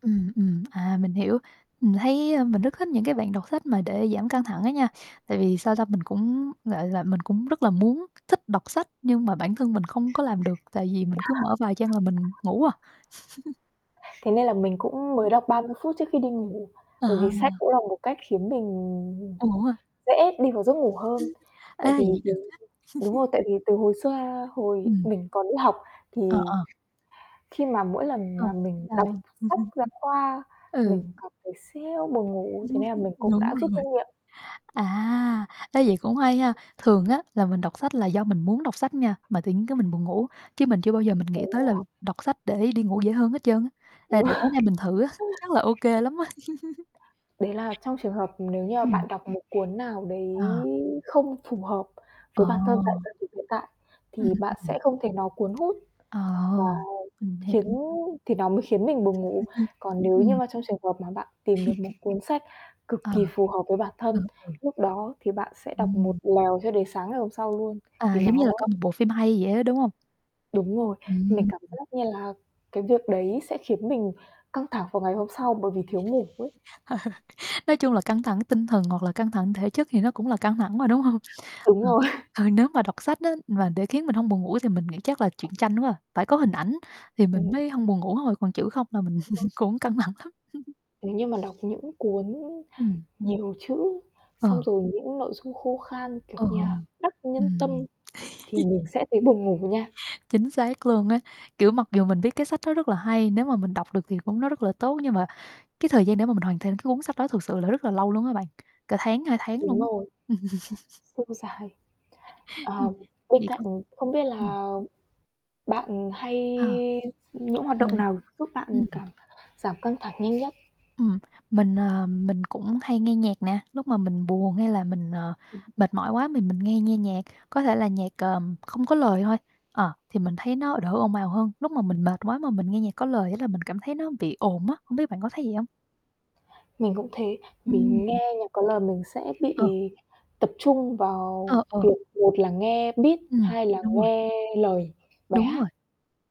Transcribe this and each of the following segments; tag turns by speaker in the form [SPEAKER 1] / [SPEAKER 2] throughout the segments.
[SPEAKER 1] Ừm, ừm, à, mình hiểu, mình thấy, a, mình rất thích những cái bạn đọc sách mà để giảm căng thẳng á nha. Tại vì, sao ta, mình cũng, gọi là, mình cũng rất là muốn thích đọc sách nhưng mà bản thân mình không có làm được, tại vì mình cứ mở vài trang là mình ngủ à.
[SPEAKER 2] Thế nên là mình cũng
[SPEAKER 1] Ừm.
[SPEAKER 2] mới đọc 30 phút trước khi đi ngủ,
[SPEAKER 1] Ờ.
[SPEAKER 2] bởi vì sách cũng là một cách khiến mình
[SPEAKER 1] Buồn ngủ ha?
[SPEAKER 2] dễ đi vào giấc ngủ
[SPEAKER 1] Ừm.
[SPEAKER 2] hơn.
[SPEAKER 1] Ê,
[SPEAKER 2] Tại vì,
[SPEAKER 1] vậy được á.
[SPEAKER 2] đúng đúng rồi tại vì từ hồi xưa hồi
[SPEAKER 1] Ừm.
[SPEAKER 2] mình còn đi học thì
[SPEAKER 1] Ờ, ờ.
[SPEAKER 2] khi mà mỗi lần
[SPEAKER 1] Ờ.
[SPEAKER 2] mà mình
[SPEAKER 1] Trời
[SPEAKER 2] đọc
[SPEAKER 1] ơi!
[SPEAKER 2] sách giáo khoa
[SPEAKER 1] Ừ.
[SPEAKER 2] mình cảm thấy siêu buồn ngủ, thế nên là mình cũng
[SPEAKER 1] Đúng
[SPEAKER 2] đã rút
[SPEAKER 1] rồi.
[SPEAKER 2] kinh nghiệm.
[SPEAKER 1] À, ê, vậy cũng hay ha, thường á là mình đọc sách là do mình muốn đọc sách nha, mà tự nhiên cái mình buồn ngủ, chứ mình chưa bao giờ mình nghĩ
[SPEAKER 2] Đúng
[SPEAKER 1] tới là
[SPEAKER 2] rồi.
[SPEAKER 1] đọc sách để đi ngủ dễ hơn hết trơn á, ê
[SPEAKER 2] Đúng
[SPEAKER 1] để
[SPEAKER 2] rồi
[SPEAKER 1] tối nay mình thử á, chắc là ô kê lắm á.
[SPEAKER 2] Đấy là trong trường hợp nếu như mà
[SPEAKER 1] Ừm.
[SPEAKER 2] bạn đọc một cuốn nào đấy
[SPEAKER 1] Ờ.
[SPEAKER 2] không phù hợp
[SPEAKER 1] Ờ.
[SPEAKER 2] với bản thân tại thời điểm hiện tại,
[SPEAKER 1] Ừm,
[SPEAKER 2] thì bạn
[SPEAKER 1] ừm.
[SPEAKER 2] sẽ không thể nó cuốn hút
[SPEAKER 1] Ờ,
[SPEAKER 2] và
[SPEAKER 1] mình
[SPEAKER 2] khiến
[SPEAKER 1] hiểu.
[SPEAKER 2] thì nó mới khiến mình buồn ngủ. Còn nếu như
[SPEAKER 1] Ừm.
[SPEAKER 2] mà trong trường hợp mà bạn tìm được một cuốn sách cực
[SPEAKER 1] Ờ.
[SPEAKER 2] kỳ phù hợp với bản
[SPEAKER 1] Ờ,
[SPEAKER 2] thân,
[SPEAKER 1] ừ.
[SPEAKER 2] lúc đó thì bạn sẽ đọc một
[SPEAKER 1] Ừm.
[SPEAKER 2] lèo cho đến sáng ngày hôm sau luôn.
[SPEAKER 1] À,
[SPEAKER 2] Thì
[SPEAKER 1] giống như
[SPEAKER 2] nó
[SPEAKER 1] là coi một bộ phim hay vậy á, đúng không?
[SPEAKER 2] Đúng rồi, mình
[SPEAKER 1] Ừm.
[SPEAKER 2] cảm
[SPEAKER 1] Ừm.
[SPEAKER 2] giác như là cái việc đấy sẽ khiến mình căng thẳng vào ngày hôm sau bởi vì thiếu ngủ ấy.
[SPEAKER 1] Nói chung là căng thẳng tinh thần hoặc là căng thẳng thể chất thì nó cũng là căng thẳng mà, đúng hông?
[SPEAKER 2] Đúng
[SPEAKER 1] Ờ,
[SPEAKER 2] rồi.
[SPEAKER 1] ờ, nếu mà đọc sách á mà để khiến mình hông buồn ngủ thì mình nghĩ chắc là chuyện tranh quá à, phải có hình ảnh thì mình
[SPEAKER 2] Ừm.
[SPEAKER 1] mới hông buồn ngủ thôi, còn chữ không là mình
[SPEAKER 2] [unintelligible]
[SPEAKER 1] cũng căng thẳng lắm.
[SPEAKER 2] Nếu như mà đọc những cuốn
[SPEAKER 1] Ừm.
[SPEAKER 2] nhiều chữ, xong
[SPEAKER 1] Ờ.
[SPEAKER 2] rồi những nội dung khô khan kiểu
[SPEAKER 1] Ờ,
[SPEAKER 2] như là Đắc Nhân Tâm
[SPEAKER 1] ừm.
[SPEAKER 2] thì mình sẽ thấy buồn ngủ nha.
[SPEAKER 1] Chính xác luôn á, kiểu, mặc dù mình biết cái sách đó rất là hay, nếu mà mình đọc được thì cũng nó rất là tốt. Nhưng mà cái thời gian để mà mình hoàn thành cái cuốn sách đó thực sự là rất là lâu luôn á bạn, cả tháng, 2 tháng
[SPEAKER 2] Đúng
[SPEAKER 1] luôn á.
[SPEAKER 2] rồi. Siêu dài.
[SPEAKER 1] Ừm.
[SPEAKER 2] Ờ, bên
[SPEAKER 1] Vậy
[SPEAKER 2] cạnh,
[SPEAKER 1] còn
[SPEAKER 2] không biết
[SPEAKER 1] ừm.
[SPEAKER 2] là bạn hay
[SPEAKER 1] Ờ.
[SPEAKER 2] những hoạt động
[SPEAKER 1] Rồi.
[SPEAKER 2] nào giúp bạn
[SPEAKER 1] Ưm, ừm.
[SPEAKER 2] cảm giảm căng thẳng nhanh nhất?
[SPEAKER 1] Ừm, mình, à, mình cũng hay nghe nhạc nè, lúc mà mình buồn hay là mình, ờ,
[SPEAKER 2] Ừm hưm.
[SPEAKER 1] mệt mỏi quá thì mình nghe nghe nhạc, có thể là nhạc, ờ, không có lời thôi. Ờ, thì mình thấy nó đỡ ồn ào hơn, lúc mà mình mệt quá mà mình nghe nhạc có lời á là mình cảm thấy nó bị ồn á, hông biết bạn có thấy vậy hông?
[SPEAKER 2] Mình cũng thế, vì
[SPEAKER 1] Ừm.
[SPEAKER 2] nghe nhạc có lời mình sẽ bị
[SPEAKER 1] Ờ.
[SPEAKER 2] tập trung vào
[SPEAKER 1] Ờ, ờ.
[SPEAKER 2] việc một là nghe beat,
[SPEAKER 1] Ừm,
[SPEAKER 2] hai là
[SPEAKER 1] đúng rồi.
[SPEAKER 2] nghe lời bài
[SPEAKER 1] Đúng rồi,
[SPEAKER 2] hát.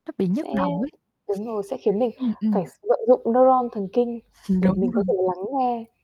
[SPEAKER 1] nó bị nhức
[SPEAKER 2] Sẽ
[SPEAKER 1] đầu ấy.
[SPEAKER 2] đúng rồi sẽ khiến mình
[SPEAKER 1] Ừm, ừm.
[SPEAKER 2] phải vận dụng nơ-ron thần kinh để
[SPEAKER 1] Đúng
[SPEAKER 2] mình có thể
[SPEAKER 1] rồi.
[SPEAKER 2] lắng nghe.